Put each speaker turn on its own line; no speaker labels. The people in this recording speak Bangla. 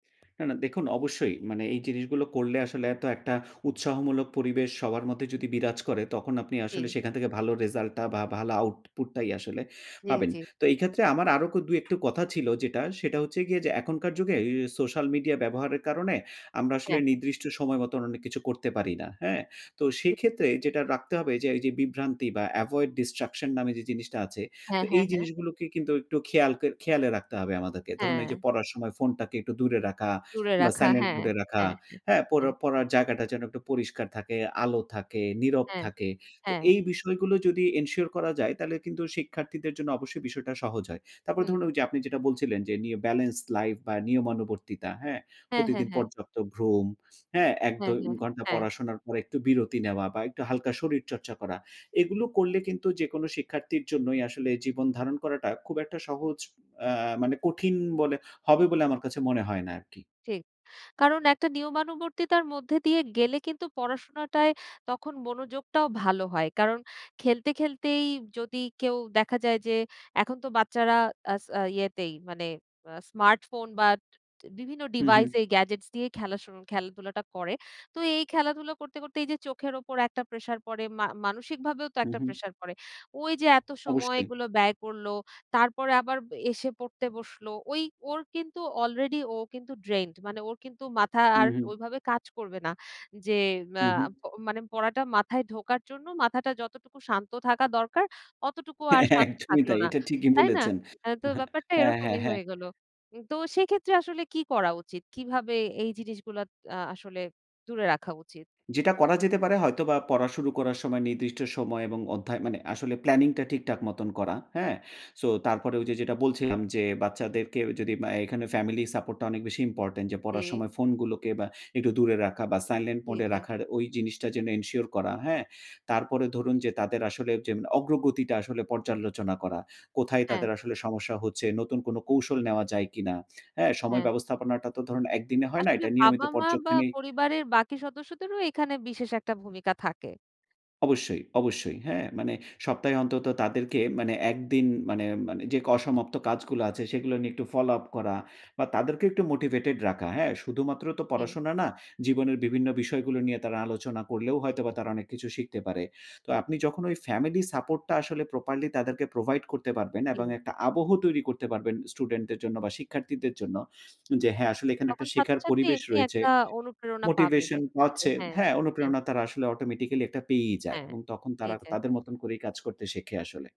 না, না। দেখুন, অবশ্যই। মানে এই জিনিসগুলো করলে আসলে এত একটা উৎসাহমূলক পরিবেশ সবার মধ্যে যদি বিরাজ করে, তখন আপনি আসলে
জি।
সেখান থেকে ভালো রেজাল্ট টা বা ভালো আউটপুট টাই আসলে
জি,
পাবেন।
জি।
তো এই ক্ষেত্রে আমার আরো ক ২ একটু কথা ছিল যেটা, সেটা হচ্ছে গিয়ে যে এখনকার যুগে এ সোশ্যাল মিডিয়া ব্যবহারের কারণে, আমরা আসলে
হ্যাঁ।
নির্দিষ্ট সময় মত অনেক কিছু করতে পারি না। হ্যাঁ? তো
হু।
সেক্ষেত্রে যেটা রাখতে হবে যে এই যে বিভ্রান্তি বা এভয়েড ডিস্ট্রাকশন নামে যে জিনিসটা আছে।
হ্যাঁ,
তো
হ্যাঁ,
এই
হ্যাঁ।
জিনিসগুলোকে কিন্তু একটু খেয়াল ক খেয়ালে রাখতে হবে আমাদেরকে। ধরুন এই যে
হ্যাঁ।
পড়ার সময় ফোনটাকে একটু দূরে রাখা।
দূরে
বা
রাখা
সাইলেন্ট
হ্যাঁ,
মুড এ রাখা।
হ্যাঁ, হ্যাঁ,
হ্যাঁ? পড়া
হ্যাঁ।
পড়ার জায়গাটা যেন একটু পরিষ্কার থাকে, আলো থাকে, নীরব
হ্যাঁ।
থাকে। তো
হ্যাঁ।
এই বিষয়গুলো যদি এনশিওর করা যায়, তাহলে কিন্তু শিক্ষার্থীদের জন্য অবশ্যই বিষয়টা সহজ হয়। তারপরে
হুম।
ধরুন ওই যে আপনি যেটা বলছিলেন যে, নিউ বেলেন্স লাইফ বা নিয়মানুবর্তিতা, হ্যাঁ?
হ্যাঁ, হ্যাঁ,
প্রতিদিন
হ্যাঁ।
পর্যাপ্ত ঘুম, হ্যাঁ?
হ্যাঁ,
১-২
হ্যাঁ।
ঘন্টা
হ্যাঁ।
পড়াশোনার পর, একটু বিরতি নেওয়া বা একটু হালকা শরীর চর্চা করা। এগুলো করলে কিন্তু যেকোনো শিক্ষার্থীর জন্যই আসলে জীবন ধারণ করাটা, খুব একটা সহজ অ্যা মানে কঠিন বলে হবে বলে, আমার কাছে মনে হয় না আরকি।
ঠিক। কারণ একটা নিয়মানুবর্তিতার মধ্যে দিয়ে গেলে কিন্তু পড়াশোনাটায় তখন মনোযোগটাও ভালো হয়। কারণ খেলতে, খেলতেই যদি কেউ দেখা যায় যে, এখন তো বাচ্চারা আস আ ইয়েতেই মানে, আ স্মার্টফোন বা বিভিন্ন
হুম, হুম।
ডিভাইসেই গ্যাজেটস দিয়েই খেলা শু খেলাধুলাটা করে। তো এই খেলাধুলা করতে, করতে এই যে চোখের উপর একটা প্রেশার পড়ে, মা মানসিকভাবেও তো
হুম,
একটা
হুম।
প্রেশার পড়ে। ওই যে এত সময়
অবশ্যই।
গুলো ব্যয় করল। তারপরে আবার এসে পড়তে বসলো। ওই ওর কিন্তু অলরেডি ও কিন্তু ড্রেইন্ড। মানে ওর কিন্তু মাথা আর
হুম, হুম।
ওইভাবে কাজ করবে না। যে আ
হুম, হুম।
প মানে পড়াটা মাথায় ঢোকার জন্য মাথাটা যতটুকু শান্ত থাকা দরকার, অতটুকু আর
হ্যাঁ,
শান্ত
একদমই
থাকল
তাই।
না।
এটা ঠিকই
তাই না?
বলেছেন।
অ্যা তো ব্যাপারটা
হ্যাঁ, হ্যাঁ,
এরকমই
হ্যাঁ।
হয়ে গেল। উম তো সেক্ষেত্রে আসলে কি করা উচিত, কিভাবে এই জিনিসগুলা ত আ আসলে দূরে রাখা উচিত?
যেটা করা যেতে পারে হয়তোবা, পড়া শুরু করার সময় নির্দিষ্ট সময় এবং অধ্যায় মানে আসলে প্ল্যানিং টা ঠিকঠাক মতন করা, হ্যাঁ? সো তারপরে ওই যে যেটা বলছিলাম যে, বাচ্চাদেরকে যদি অ্যা এখানে ফ্যামিলি সাপোর্ট টা অনেক বেশি ইম্পোর্টেন্ট। যে পড়ার
জি।
সময় ফোনগুলোকে বা একটু দূরে রাখা বা সাইলেন্ট
জি,
মোড এ
জি।
রাখার, ওই জিনিসটা যেন এনশিওর করা, হ্যাঁ? তারপরে ধরুন যে তাদের আসলে যে অগ্রগতিটা আসলে পর্যালোচনা করা। কোথায়
হ্যাঁ।
তাদের আসলে সমস্যা হচ্ছে? নতুন কোন কৌশল নেওয়া যায় কিনা? হ্যাঁ? সময়
হ্যাঁ।
ব্যবস্থাপনাটা তো ধরুন একদিনে হয় না,
আসলে
এটা নিয়মিত
বাবা-মা বা
পর্যক্ষণে
পরিবারের বাকি সদস্যদেরও এখানে বিশেষ একটা ভূমিকা থাকে।
অবশ্যই, অবশ্যই, হ্যাঁ, মানে সপ্তাহে অন্তত তাদেরকে মানে ১ দিন মানে, মানে যে অসমাপ্ত কাজগুলো আছে, সেগুলো নিয়ে একটু ফলো আপ করা বা তাদেরকে একটু মোটিভেটেড রাখা। হ্যাঁ? শুধুমাত্র তো
জি।
পড়াশোনা না, জীবনের বিভিন্ন বিষয়গুলো নিয়ে তারা আলোচনা করলেও হয়তোবা তারা অনেক কিছু শিখতে পারে। তো আপনি যখন ওই ফ্যামিলি সাপোর্ট টা আসলে প্রপারলি তাদেরকে প্রোভাইড করতে পারবেন এবং
হুম।
একটা আবহ তৈরি করতে পারবেন স্টুডেন্ট দের জন্য বা শিক্ষার্থীদের জন্য, যে হ্যাঁ, আসলে এখানে একটা
তখন
শেখার
ছাত্রছাত্রী
পরিবেশ
এমনি
রয়েছে
একটা অনুপ্রেরণা পাবে।
মোটিভেশন
[unintelligible]
পাচ্ছে
হ্যাঁ।
হ্যাঁ,
হ্যাঁ।
অনুপ্রেরণা তারা আসলে অটোমেটিক্যালি একটা পেয়েই যায়।
হ্যাঁ।
এবং তখন তারা
এইযে
তাদের মত করেই কাজ করতে শেখে আসলে।